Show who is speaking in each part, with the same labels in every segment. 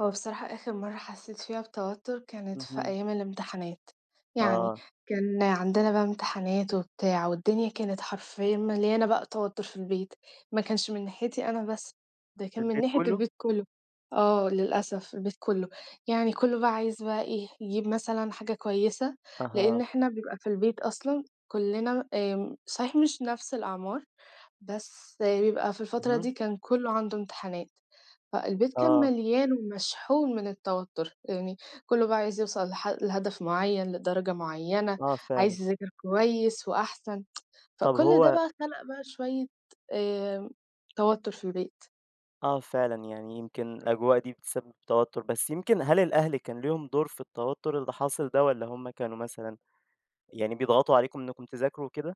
Speaker 1: هو بصراحة آخِر مرَّة حسّيت فيها بتوتُّر كانت في
Speaker 2: اهم.
Speaker 1: أيام الإمتحانات، يعني،
Speaker 2: آه.
Speaker 1: كان عندنا بقى إمتحانات وبتاع والدنيا كانت حرفيًا مليانة بقى توتُّر في البيت، ما كانش من ناحيتي أنا بس، ده
Speaker 2: في
Speaker 1: كان من
Speaker 2: البيت
Speaker 1: ناحية
Speaker 2: كلّه؟
Speaker 1: البيت كلّه، آه، للأسف البيت كلّه يعني كلّه بقى عايز بقى إيه، يجيب مثلًا حاجة كويسة لإن
Speaker 2: أها.
Speaker 1: إحنا بيبقى في البيت أصلًا كلّنا آمم، صحيح مش نفْس الأعمار بس بيبقى في الفترة
Speaker 2: اهم.
Speaker 1: دي كان كلّه عنده امتحانات، فالبيت كان
Speaker 2: آه.
Speaker 1: مليان ومشحون من التوتُّر، يعني كلّه بقى عايز يوصَل لح لهدف معيّن، لدرجة معيّنة،
Speaker 2: آه فعلًا.
Speaker 1: عايز يذاكر كويس وأحسن
Speaker 2: طَب
Speaker 1: فكل ده
Speaker 2: هو
Speaker 1: بقى خلَق بقى شوية آآ توتُّر في البيت.
Speaker 2: آه فعلًا، يعني يمكن الأجواء دي بتسبِّب توتُّر، بس يمكن هل الأهل كان ليهم دور في التوتُّر اللي حاصل ده؟ والّا هُم كانوا مثلًا يعني بيضغَطوا عليكم إنكم تذاكروا وكده؟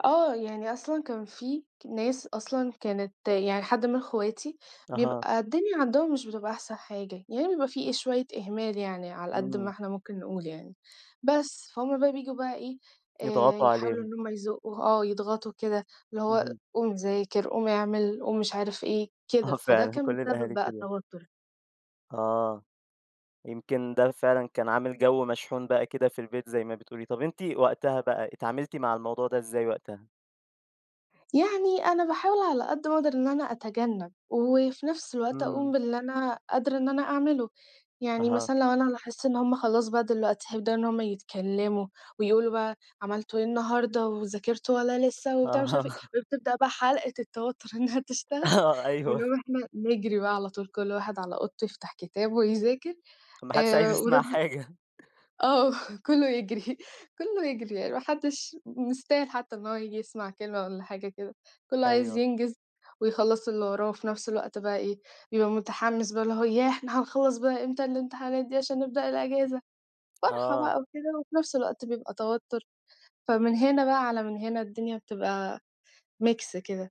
Speaker 1: آه، يعني أصلًا كان في ك ناس أصلًا كانت يعني حد من إخواتي
Speaker 2: أها.
Speaker 1: بيبقى الدنيا عَندهم مش بتبقى أحسن حاجة، يعني بيبقى في شوية إهمال يعني، على قد ما
Speaker 2: إمم.
Speaker 1: إحنا ممكن نقول يعني، بس، فهُم بقى بييجوا بقى إيه، آآ
Speaker 2: يضغطوا
Speaker 1: يحاولوا
Speaker 2: عليهم.
Speaker 1: إن هُم يزقُّوا، آه يضغطوا كده اللي هو
Speaker 2: اهم.
Speaker 1: قوم ذاكر، قوم اعمِل، قوم مش عارف إيه،
Speaker 2: آه
Speaker 1: كده، فده
Speaker 2: فعلًا
Speaker 1: كان
Speaker 2: كل
Speaker 1: بيسبِّب
Speaker 2: الأهالي
Speaker 1: بقى
Speaker 2: كده.
Speaker 1: التوتُّر.
Speaker 2: آه. يمكن ده فعلًا كان عامل جو مشحون بقى كده في البيت زي ما بتقولي. طَب أنتِ وقتها بقى اتعاملتِ مع الموضوع ده إزاي وقتها؟
Speaker 1: يعني أنا باحاول على قد ما أقدر إن أنا أتجنَّب وفي نفْس الوقت أقوم
Speaker 2: إمم.
Speaker 1: باللي أنا قادرة إن أنا أعمله، يعني
Speaker 2: أها.
Speaker 1: مثلًا لو أنا لاحظت إن هُم خلاص بقى دلوقتي هيبدأوا إن هُم يتكلّموا ويقولوا بقى: "عملتوا إيه النهارده وذاكرتوا والّا لسه." وبتاع ومش عارفة
Speaker 2: آه.
Speaker 1: إيه، وبتبدأ حلَقة التوتُّر إنها تشتغل
Speaker 2: أيوه.
Speaker 1: بنقوم إحنا نجري بقى على طول كل واحد على أوضته يفتح كتاب ويذاكر
Speaker 2: ما حدّش عايز
Speaker 1: آآ، وده
Speaker 2: يسمع
Speaker 1: بي
Speaker 2: حاجة.
Speaker 1: آه، كلّه يجري، كلّه يجري يعني ما حدّش مستاهل حتى إن هو ييجي يسمَع كلمة والّا حاجة كده، كلّه عايز
Speaker 2: أيوه.
Speaker 1: ينجِز ويخلَّص اللي وراه وفي نفس الوقت بقى إيه، بيبقى متحمِّس بقى اللي هو ياه! إحنا هنخلّص بقى إمتى الامتحانات دي عشان نبدأ الإجازة. فرحة
Speaker 2: آه.
Speaker 1: بقى وكده، وفي نفْس الوقت بيبقى توتُّر، فمن هنا بقى، على من هنا الدنيا بتبقى ميكس كده.